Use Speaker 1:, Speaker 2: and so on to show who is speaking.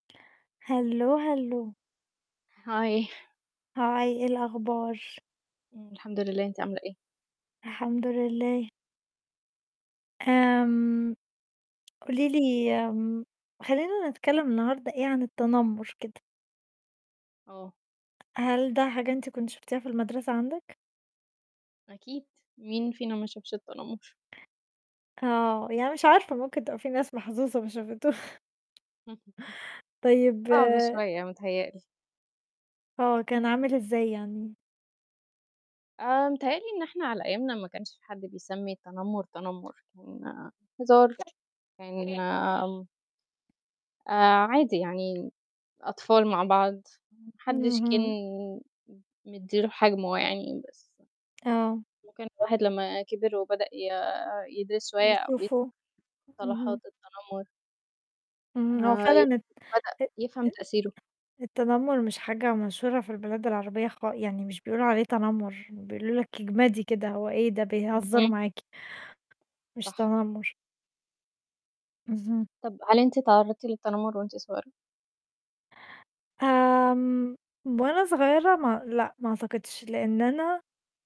Speaker 1: هالو هالو.
Speaker 2: هاي.
Speaker 1: هاي إيه الأخبار؟
Speaker 2: امم، الحمد لله أنتِ عاملة إيه؟
Speaker 1: الحمد لله. آمم، قولي لي آمم، خلّينا نتكلم النهارده إيه، عن التنمر كده.
Speaker 2: آه.
Speaker 1: هل ده حاجة أنتِ كنتِ شُفتيها في المدرسة عندِك؟
Speaker 2: أكيد، مين فينا ما شافش التنمر.
Speaker 1: آه، يعني مش عارفة ممكن تبقى في ناس محظوظة ما شافته طيب
Speaker 2: صعب شوية متهيأ لي.
Speaker 1: هو كان عامل إزاي يعني؟
Speaker 2: آآ، متهيأ لي إن إحنا على أيامنا ما كانش حد بيسمي التنمر، تنمر كان هزار يعني آمم آآ، عادي يعني أطفال مع بعض ما حدش كان
Speaker 1: اهم.
Speaker 2: م مدِّي له حجمه يعني بس
Speaker 1: آه.
Speaker 2: ممكن الواحد لما كبر وبدأ ي يدرس شوية أو ي
Speaker 1: يشوفه،
Speaker 2: مصطلحات
Speaker 1: اهم.
Speaker 2: التنمر.
Speaker 1: امم هو
Speaker 2: آآ،
Speaker 1: فعلًا الت
Speaker 2: يمكن بدأ
Speaker 1: أ
Speaker 2: يفهم
Speaker 1: تن
Speaker 2: تأثيره.
Speaker 1: التنمر مش حاجة مشهورة في البلاد العربية خ يعني مش بيقولوا عليه تنمر، بيقولوا لِك اجمدي كده، هو إيه ده! بيهزروا
Speaker 2: اهم.
Speaker 1: معاكِ. مش
Speaker 2: صح.
Speaker 1: تنمر. اهم.
Speaker 2: طب هل أنتِ اتعرضتِ للتنمر وأنتِ صغيرة؟
Speaker 1: آمم وأنا صغيرة ما لأ، ما اعتقدش لأن أنا